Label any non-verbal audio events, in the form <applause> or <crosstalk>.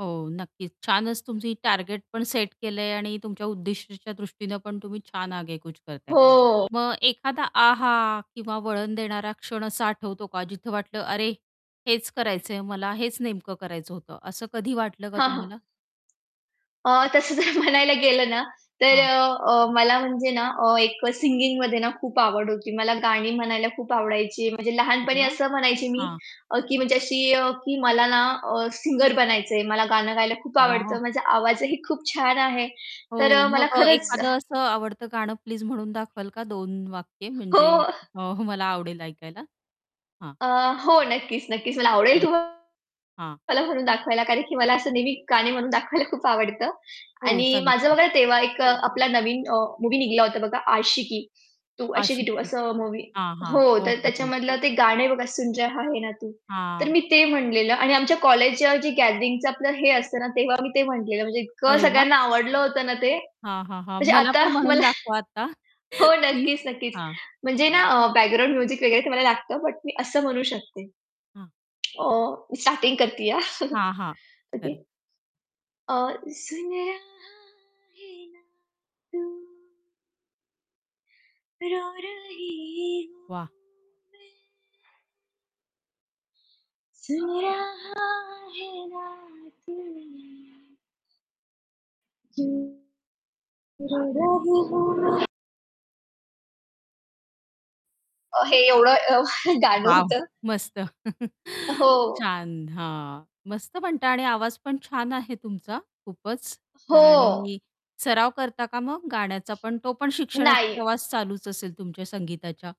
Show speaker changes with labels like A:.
A: हो, नक्कीच. छानच तुमची टार्गेट पण सेट केलंय आणि तुमच्या उद्दिष्टाच्या दृष्टीनं पण तुम्ही छान आगेकूच करताय.
B: हो.
A: मग एखादा आहा! किंवा वळण देणारा क्षण असा आठवतो का जिथं वाटलं, अरे, हेच करायचंय मला, हेच नेमकं करायचं होतं. असं कधी वाटलं का
B: हां, हां.
A: तुम्हाला?
B: अ, तसं जर म्हणायला गेलं ना, तर
A: हां.
B: अ, मला म्हणजे ना एक सिंगिंगमध्ये ना खूप आवड होती. मला गाणी म्हणायला खूप आवडायची. म्हणजे
A: अरे
B: लहानपणी
A: वाह!
B: असं म्हणायची मी
A: हां.
B: अ, की म्हणजे अशी की मला ना अ, सिंगर बनायचंय. मला गाणं गायला खूप आवडत.
A: वाह!
B: माझा आवाजही खूप छान आहे. तर
A: हो,
B: अ,
A: मग
B: मला
A: अ,
B: खरंच
A: एखादं असं आवडतं गाणं प्लीज म्हणून दाखवाल का? दोन वाक्य
B: हो.
A: म्हणजे अ, मला आवडेल ऐकायला. हां.
B: अ, हो नक्कीच, नक्कीच. मला आवडेल
A: हां,
B: तुम्हाला
A: हां.
B: म्हणून दाखवायला, कारण की मला असं नेहमी गाणे म्हणून दाखवायला खूप आवडतं.
A: हो,
B: आणि
A: चालू
B: माझं
A: करा.
B: बघा तेव्हा एक आपला नवीन अ, मूव्ही निघाला होता बघा, आशिकी तू आशिकी 2
A: आशिकी.
B: असं मूव्ही
A: हां, हां.
B: हो
A: हो,
B: तर
A: हो, हो.
B: त्याच्यामधलं ते गाणं बघा, सुन रहा आहे ना तू. तर
A: हां.
B: मी ते म्हणलेलं आणि आमच्या कॉलेजच्या जे गॅदरिंगचं आपलं हे असत ना, तेव्हा मी ते म्हटलेलं म्हणजे इतकं
A: अरे वाह!
B: सगळ्यांना आवडलं होतं ना ते.
A: हां, हां, हां.
B: <laughs> म्हणजे
A: मला
B: आता
A: पण म्हणून
B: मला
A: दाखवा आता. <chuckles>
B: हो,
A: प्लीज
B: नक्कीच, नक्कीच.
A: हां.
B: म्हणजे ना अ, बॅकग्राऊंड म्युझिक वगैरे ते मला लागतं. बट मी असं म्हणू शकते.
A: हां.
B: अं, मी स्टार्टिंग करतीये. <chuckles>
A: हां, हां. खरं.
B: ओके. अ, सुन रहा है ना तू रो रही हूँ
A: वाह!
B: मैं. सुन रहा है ना तू, क्यूँ रो रही हूँ मैं. अ, हे एवढं अ, <chuckles> गाणं
A: वॉव!
B: होतं.
A: मस्त.
B: अ,
A: <chuckles>
B: हो.
A: छान. हां. मस्त म्हणता आणि आवाज पण छान आहे तुमचा खूपच
B: हो.
A: आणि सराव करता का मग गाण्याचा पण, तो पण शिक्षणाचा
B: नाही.
A: प्रवास चालूच असेल तुमच्या संगीताच्या?